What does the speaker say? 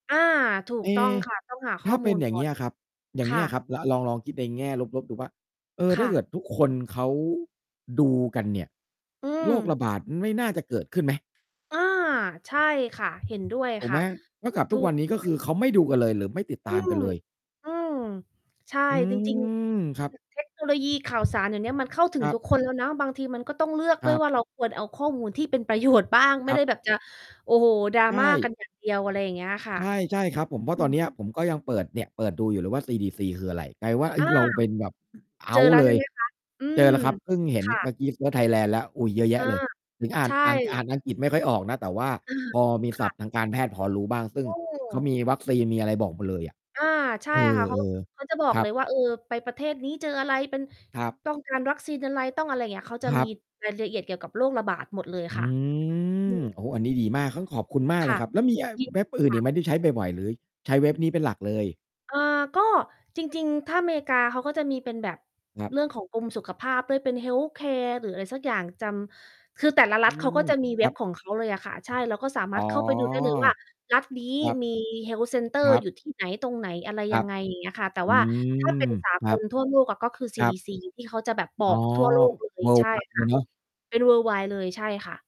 อา ถูเอก๊ ต้องค่ะ ต้องหาขถ้้อาเมปู็นล อย่กาง่เองี้น ยอะครับ อย่คางเงี่้ยะ ครับ ล ลอง ๆ คิดในแง่ลบ ๆ ดูว่า เออ คถ้่าะ เกิดทุกคนเขาดูกันเนี่ย อืโรครม ะบาดไม่น่าจะเกิดขึ้นไหม? อา ใช่ค่ะ เห็นด้วยถูกคไ่หม ะ เท่ากับถทุูกวกันนี้ ก็คค่ืะ อ เขาไม่ดูกันเลยหรือไม่ติดอืตามกม ันเลย อืม ใช่ อืจริง ม ครัๆ บ [unintelligible] เทคโนโลยี ข่าวสารเดี๋ยวนี้มันเข้าถึคงรัทุบ กคนแล้วนะ บางทีมันก็ต้องเลือกคด้รวัยบ ว่า เราควรเอาข้อมูลที่เป็น ประโยชน์ บ้างไคม่รัไดบ ้แบบจะ โอ้โฮ ใชDrama กั่ นอย่างเดียว อะไรอย่างเงี้ยค่ะ ใช่ ใช่ครับผม เพราอะืตอนเม นี้ย ผมก็ยังเปิด เนี่ยเปิดดูอยู่เลยว่า CDC คืออะไร กลายเป็นว่า เอ๊อย า เราเป็นแบบ เอเ้จาอทแ์ล้วเลใช่ย ไหม คะ? อืเจม อแล้วครับ เพิ่งเห็คน่เมืะ ่อกี้เซิร์ชไทยแลนด์แล้ว อุ๊ย เยอะแยเอะอ เลย ถึงอ่าใน ชอ่าน อ่่ านอังกฤษไม่ค่อยออกนะ แต่ว่าอะฮพะ อมีคศั่พะ ท์ทางการแพทย์พอรู้บ้าง ซึ่องืเขาม มีวัคซีน มีอะไรบอกหมดเลยอะ อา ใช่เอค่ะ เขา อ เขาจะบอๆ กครัเลบ ยว่า เออ ไปประเทศนี้เจออะไร เป็น ครับ ต้องการวัคซีนอะไร ต้องอะไรอย่างเงี้ย เขาจะครมัีบ รายละเอียดเกี่ยวกับโรคระบาดหมดเลยอคื่ะ อืม ม โอ้ อันนี้ดีมาก เฮ้ย ขอบคุณมากคเล่ยะ ครับ แล้วมี อ ยินเวด็ีบอื่นคอ่ีกะ ไหมที่ใช้บ่อย ๆ หรือใช้เว็บนี้เป็นหลักเลย? เอ่อ ก็ จริง ๆ ถ้าอเมริกาเขาก็จะมีเป็นแบบ ครับ เรื่องของกรมสุขภาพด้วย เป็น health care หรืออะไรสักอย่าง จำ คือแต่ละรอืัฐเขาม ก็จะมีคเวร็ับบ ของเขาเลยอะค่ะ ใช่ เราก็สามอ๋าอ รถเข้าไปดูได้เลยว่า รัฐนี้ครับ มี Health center ครับ อยู่ที่ไหน ตรงไหนอะไรครยัับ งไง อย่างเงี้ยค่ะ แต่อืว่า ถ้าเปม ็นสาคกรับ ลทั่วโลกอะ ก็คือ ซคี-รัดี-บ ซี ที่เขาจะแบบบออ๋อ ก ทั่วโลกเลย ใช่worldwide คเล่ะ ยเนาะ เป็น worldwide เลยใช่ค่ะ